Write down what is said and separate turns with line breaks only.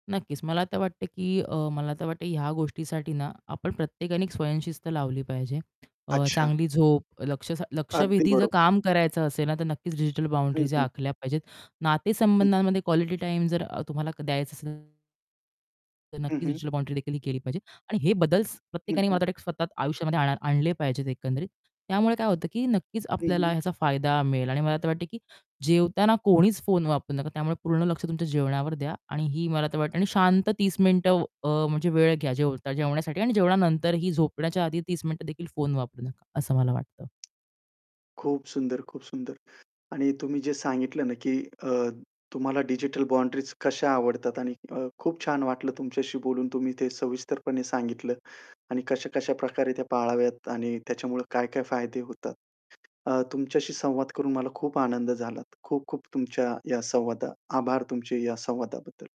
नक्कीच मला तर वाटतंय की अ, मला तर वाटतं ह्या गोष्टीसाठी ना, आपण प्रत्येकाने 1 स्वयंशिस्त लावली पाहिजे. अ,
अच्छा.
चांगली झोप, लक्ष
अगदी
लक्षवेधी जर
बरोबर.
काम करायचं असेल ना, तर नक्कीच डिजिटल
हं,
बाउंडरीज
हं.
आखल्या पाहिजेत.
हं.
नातेसंबंधांमध्ये क्वालिटी टाईम जर तुम्हाला द्यायचं असेल तर
हं,
नक्कीच
हं.
रिचुअल बाउंड्री देखील केली पाहिजे. आणि हे बदल्स
हं,
प्रत्येकाने
हं.
मला स्वतः आयुष्यामध्ये आणा आणले पाहिजेत एकंदरीत. त्यामुळे काय होतं की नक्कीच
हं,
आपल्याला
हं.
ह्याचा फायदा मिळेल आणि मला तर वाटतं की जेवताना कोणीच फोन वापरू नका. त्यामुळे पूर्ण लक्ष तुमच्या जेवणावर द्या आणि ही मला तर वाटते. आणि शांत 30 मिनिटं व अ, म्हणजे वेळ घ्या जेव जेवण्यासाठी आणि जेवणानंतर ही झोपण्याच्या आधी 30 मिनिटं देखील फोन वापरू नका असं मला वाटतं.
खूप सुंदर, खूप सुंदर आणि तुम्ही जे सांगितलं ना, की अ, तुम्हाला डिजिटल बाउंडरीज कश्या आवडतात आणि अ, खूप छान वाटलं तुमच्याशी बोलून. तुम्ही ते सविस्तरपणे सांगितलं. आणि कशा-कशा प्रकारे त्या पाळाव्यात आणि त्याच्यामुळे काय-काय फायदे होतात. अ, तुमच्याशी संवाद करून मला खूप आनंद झाला. खूप-खूप तुमच्या या संवादा आभार तुमचे या संवादाबद्दल.